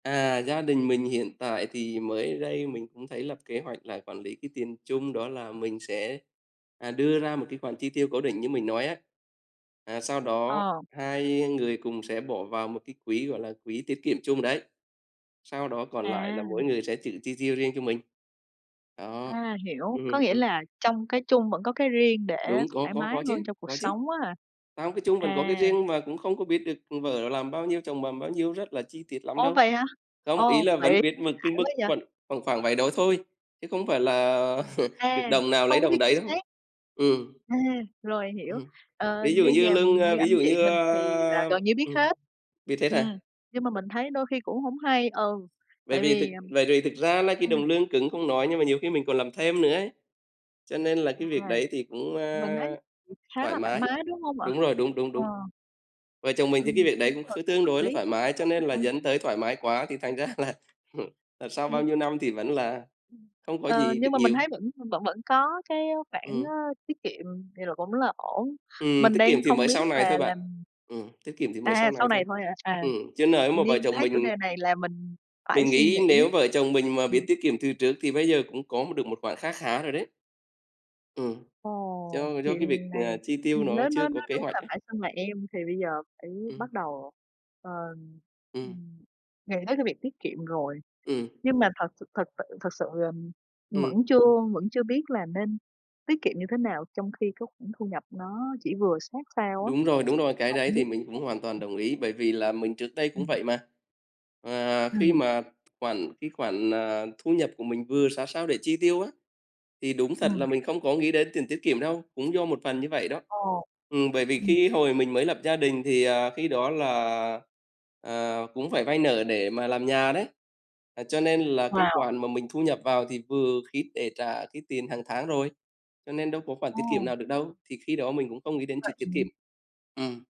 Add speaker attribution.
Speaker 1: À, gia đình mình hiện tại thì mới đây mình cũng thấy lập kế hoạch là quản lý cái tiền chung, đó là mình sẽ, à, đưa ra một cái khoản chi tiêu cố định như mình nói á. À, sau đó
Speaker 2: Ờ.
Speaker 1: hai người cùng sẽ bỏ vào một cái quỹ gọi là quỹ tiết kiệm chung đấy, sau đó còn lại là
Speaker 2: À!
Speaker 1: mỗi người sẽ tự chi tiêu riêng cho mình. Đó,
Speaker 2: A, hiểu. Có
Speaker 1: ừm,
Speaker 2: nghĩa
Speaker 1: ừm.
Speaker 2: là trong cái chung vẫn có cái riêng để
Speaker 1: Đúng, có
Speaker 2: thoải
Speaker 1: có
Speaker 2: mái
Speaker 1: có chứ,
Speaker 2: hơn trong cuộc
Speaker 1: có chứ.
Speaker 2: sống á hả?
Speaker 1: Không, cái chung vẫn có cái
Speaker 2: À.
Speaker 1: riêng, mà cũng không có biết được của vợ làm bao nhiêu, chồng làm bao nhiêu rất là chi tiết lắm
Speaker 2: Ô,
Speaker 1: đâu.
Speaker 2: vậy hả?
Speaker 1: Không, ý
Speaker 2: Ồ,
Speaker 1: là
Speaker 2: vậy
Speaker 1: vẫn biết mực
Speaker 2: đã
Speaker 1: cái mức
Speaker 2: quá vậy!
Speaker 1: khuẩn khoảng khoảng vậy đó thôi, chứ không phải là được
Speaker 2: À,
Speaker 1: đồng nào lấy
Speaker 2: không có biết
Speaker 1: đồng đấy
Speaker 2: chính
Speaker 1: đâu.
Speaker 2: xác.
Speaker 1: Ừm.
Speaker 2: À, rồi hiểu.
Speaker 1: Ừm hưm.
Speaker 2: Ờ,
Speaker 1: Ví dụ
Speaker 2: như
Speaker 1: như
Speaker 2: nhà
Speaker 1: lương,
Speaker 2: như
Speaker 1: a ví
Speaker 2: anh
Speaker 1: dụ
Speaker 2: chị
Speaker 1: như,
Speaker 2: mình thì là
Speaker 1: a
Speaker 2: gần như biết
Speaker 1: ừm,
Speaker 2: hết.
Speaker 1: biết hết hả?
Speaker 2: Ừm, nhưng mà mình thấy đôi khi cũng hổng hay ừ,
Speaker 1: Bởi
Speaker 2: tại
Speaker 1: vì thực
Speaker 2: vì, ừm
Speaker 1: bởi vì thực ra nay cái
Speaker 2: ừm.
Speaker 1: đồng lương cứng không nói nhưng mà nhiều khi mình còn làm thêm nữa ấy, cho nên là
Speaker 2: À.
Speaker 1: cái việc đấy thì cũng,
Speaker 2: Mình thấy
Speaker 1: a,
Speaker 2: [unintelligible] khá
Speaker 1: thoải
Speaker 2: là thoải
Speaker 1: mái.
Speaker 2: mái, đúng hông ạ?
Speaker 1: Đúng rồi, đúng, đúng,
Speaker 2: Ờ.
Speaker 1: đúng. Vợ chồng mình thì cái
Speaker 2: Ừm,
Speaker 1: việc đấy
Speaker 2: đúng
Speaker 1: cũng
Speaker 2: rồi,
Speaker 1: kh
Speaker 2: cũng
Speaker 1: tương
Speaker 2: hợp
Speaker 1: đối là
Speaker 2: lý,
Speaker 1: thoải mái cho
Speaker 2: rất là
Speaker 1: nên là
Speaker 2: hay!
Speaker 1: dẫn tới thoải mái quá thì thành ra là, ờ, sau bao
Speaker 2: Ừm.
Speaker 1: nhiêu năm thì vẫn là không có
Speaker 2: Ờ,
Speaker 1: gì
Speaker 2: nhưng
Speaker 1: được
Speaker 2: mà mình
Speaker 1: nhiều.
Speaker 2: thấy vẫn v vẫn vẫn có cái khoản, á,
Speaker 1: Ừm.
Speaker 2: tiết kiệm, vậy là cũng là ổn.
Speaker 1: Ừm,
Speaker 2: Mình
Speaker 1: tiết kiệm
Speaker 2: đang
Speaker 1: thì
Speaker 2: không
Speaker 1: mới
Speaker 2: biết
Speaker 1: sau này
Speaker 2: là
Speaker 1: thôi bạn.
Speaker 2: làm
Speaker 1: Ừm, tiết kiệm thì mới
Speaker 2: À,
Speaker 1: sau
Speaker 2: sau
Speaker 1: này
Speaker 2: này
Speaker 1: thôi.
Speaker 2: thôi hả? À
Speaker 1: Ừm, chứ nới mà vợ
Speaker 2: nhiên
Speaker 1: chồng
Speaker 2: thấy chủ
Speaker 1: mình
Speaker 2: đề này là mình phải
Speaker 1: Mình
Speaker 2: suy
Speaker 1: nghĩ
Speaker 2: nghĩ.
Speaker 1: nếu vợ chồng mình mà biết
Speaker 2: Ừm.
Speaker 1: tiết kiệm từ trước thì bây giờ cũng có một được một khoản kha khá rồi đấy. Ừm. Do
Speaker 2: Ồ,
Speaker 1: là do cái việc,
Speaker 2: chuyện này,
Speaker 1: ờ, chi tiêu
Speaker 2: hừm,
Speaker 1: nó
Speaker 2: nếu
Speaker 1: chưa
Speaker 2: nói
Speaker 1: có
Speaker 2: nói
Speaker 1: kế
Speaker 2: đúng
Speaker 1: hoạch
Speaker 2: là
Speaker 1: ấy.
Speaker 2: phải xưng là em, thì bây giờ phải
Speaker 1: Ừm.
Speaker 2: bắt đầu, ờm,
Speaker 1: Ừm.
Speaker 2: ừm, nghĩ tới cái việc tiết kiệm rồi.
Speaker 1: Ừm.
Speaker 2: Nhưng mà thật s thật sự thật sự, ờm, vẫn
Speaker 1: Ừm.
Speaker 2: chưa vẫn chưa biết là nên tiết kiệm như thế nào trong khi cái khoản thu nhập nó chỉ vừa sát sao á.
Speaker 1: Đúng rồi, đúng rồi, cái
Speaker 2: Hổng
Speaker 1: đấy thì
Speaker 2: biết
Speaker 1: mình cũng hoàn toàn
Speaker 2: [unintelligible]
Speaker 1: đồng ý, bởi vì là mình trước đây cũng
Speaker 2: Ừm.
Speaker 1: vậy mà. À, khi
Speaker 2: Ừm.
Speaker 1: mà khoản cái khoản, à, thu nhập của mình vừa sát sao để chi tiêu á, thì đúng thật
Speaker 2: Ừm.
Speaker 1: là mình không có nghĩ đến tiền tiết kiệm đâu, cũng do một phần như vậy đó.
Speaker 2: Ờ,
Speaker 1: Ừm, bởi vì
Speaker 2: ừm.
Speaker 1: khi hồi mình mới lập gia đình thì, à, khi đó là, à, cũng phải vay nợ để mà làm nhà đấy, ờ, cho nên là cái
Speaker 2: Wow!
Speaker 1: khoản mà mình thu nhập vào thì vừa khít để trả cái tiền hàng tháng rồi. Cho nên đâu có khoản tiết
Speaker 2: Ồ!
Speaker 1: kiệm nào được đâu, thì khi đó mình cũng không nghĩ đến
Speaker 2: Vậy
Speaker 1: chuyện tiết kiệm.
Speaker 2: ừm.
Speaker 1: Ừm.